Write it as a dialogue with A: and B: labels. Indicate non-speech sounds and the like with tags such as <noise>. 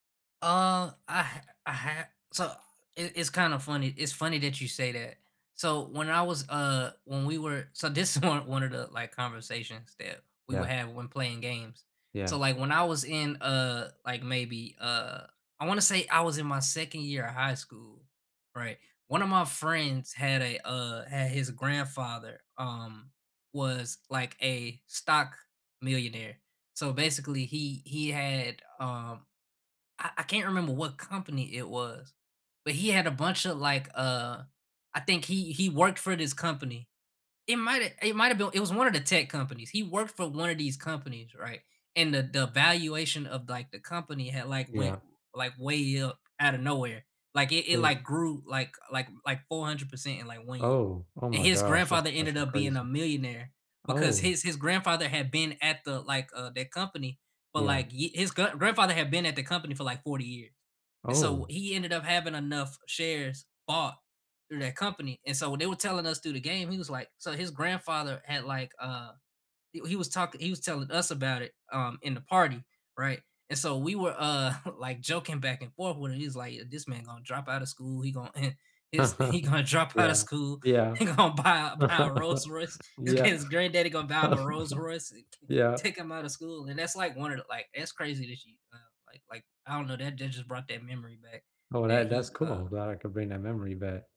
A: Uh, I ha I ha so, it it's kind of funny it's funny that you say that, so, when I was uh, when we were so, this is one one of the, like, conversations that we would
B: Yeah.
A: have when playing games, so,
B: Yeah.
A: like, when I was in, uh, like, maybe, uh, I wanna say I was in my 2nd year of high school, right, one of my friends had a, uh had his grandfather, um, was like a stock millionaire, so basically, he he had, um I I can't remember what company it was, but he had a bunch of, like, uh I think he he worked for this company, it might've it might've been It was one of the tech companies, he worked for one of these companies, right, and the the valuation of, like, the company had like, went, r
B: Yeah.
A: like, way up out of nowhere, like, it it
B: Those
A: like, grew like like like, 400% in like, 1 year,
B: Oh, oh
A: and
B: my
A: his
B: gosh, that's
A: grandfather ended
B: actually
A: up being a
B: crazy.
A: millionaire because
B: Oh.
A: his his grandfather had been at the, like, uh, the company, but,
B: Yeah.
A: like, hi his gr grandfather had been at the company for, like, 40 years, and so,
B: Oh.
A: he ended up having enough shares bought through that company, and, so, when they were telling us through the game, he was like so his grandfather had like, uh, he he was talking he was telling us about it, um, in the party, right, and so we were, uh, <chuckles> like joking back and forth with it, he's like, "This man gonna drop outta school, he going <chuckles> he's he
B: <laughs>
A: gonna drop outta
B: Yeah,
A: school,
B: yeah.
A: he gonna buy a buy a Rolls
B: <chuckles>
A: Royce, this
B: Yeah.
A: kid's granddaddy gonna buy him a Rolls Royce, eh
B: <chuckles>
A: c
B: Yeah.
A: take him outta school." and that's, like, one of the, like, it's crazy that she, um, like like, I don't know, what just brought that memory back
B: Oh,
A: that
B: that that's
A: he, uh
B: cool, glad I could bring that
A: yeah.
B: memory back.